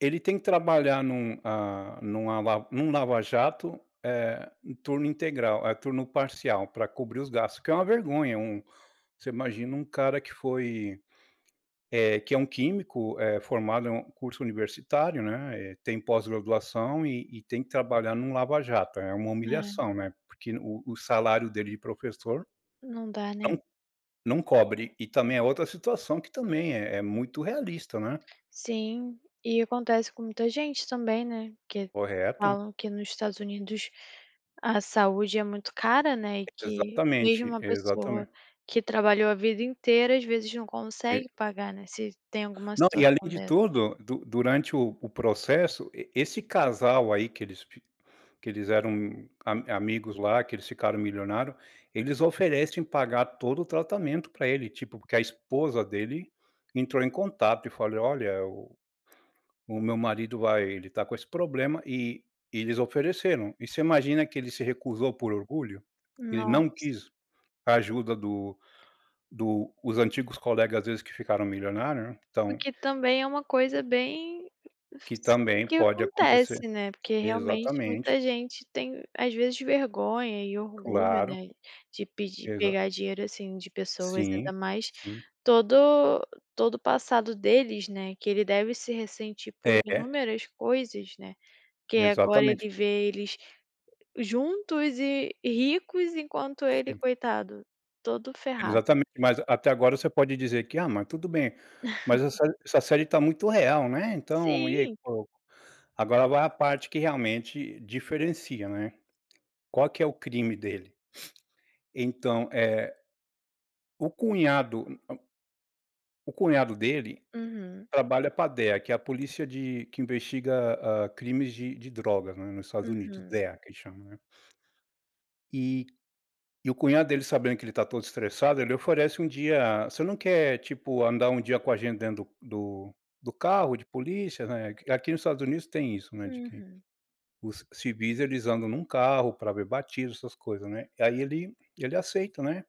Ele tem que trabalhar num ah, num a la num lava jato, eh, em turno integral turno parcial, para cobrir os gastos, o que é uma vergonha, um você imagina um cara que foi, eh, que é um químico, eh, formado em um curso universitário, né, eh, tem pós-graduação e e tem que trabalhar em um lava jato. É uma É. humilhação, né, porque o o salário dele de professor, Não dá, né. não não cobre. E também é outra situação que também é é muito realista, né. Sim, e acontece com muita gente também, né, que Correto. falam que nos Estados Unidos a saúde é muito cara, né, e que mesmo Exatamente, uma pessoa exatamente. que trabalhou a vida inteira, às vezes, não E consegue pagar, né, se tem alguma Não, e além situação de dessas. tudo, du durante o o processo e esse casal aí que eles que eles eram a amigos lá, que eles ficaram milionário, eles oferecem pagar todo o tratamento para ele, tipo, porque a esposa dele entrou em contato e falei: "Olha, o o meu marido vai ele está com esse problema e e eles ofereceram." E você imagina que ele se recusou por orgulho? Ele não Nossa! quis ajuda do do os antigos colegas, às vezes, que ficaram milionário, né, O então. que também é uma coisa bem Que s também que pode acontecer. acontece, né, porque, realmente, muita Exatamente. gente tem, às vezes, vergonha e orgulho, Claro. né, de pedir Exato. pegar dinheiro, assim, de pessoas, Sim, ainda mais sim. todo todo o passado deles, né, que ele deve se ressentir por É. inúmeras coisas, né, que agora Exatamente. ele vê eles juntos e ricos enquanto ele, Sim. coitado, está todo ferrado. Exatamente, mas até agora você pode dizer que: "Ah, mas tudo bem." Mas essa essa série está muito real, né, então e ai. Sim. [unintelligible] Agora vai a parte que realmente diferencia, né. Qual que é o crime dele? Então, é, o cunhado, na o o cunhado dele Uhum. trabalha para DEA, que é a polícia de que investiga, hã, crimes de de drogas, né, no Estados Unidos, Uhum. DEA que a gente chama, né. E e o cunhado dele sabendo que ele está todo estressado, ele oferece um dia: "Você não quer, tipo, andar um dia com a gente dentro do do carro de polícia," né. Aqui no Estados Unidos tem isso, né, de que Uhum. os civis eles andam em um carro para ver batismo essas coisa, né. Aí, ele ele aceita, né.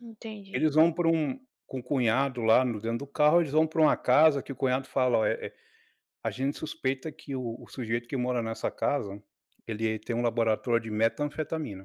Entendi. Eles vão para um com o cunhado lá no dentro do carro, eles vão para uma casa que o cunhado fala: "Ó, é é, a gente suspeita que o o sujeito que mora nessa casa ele tem um laboratório de metanfetamina."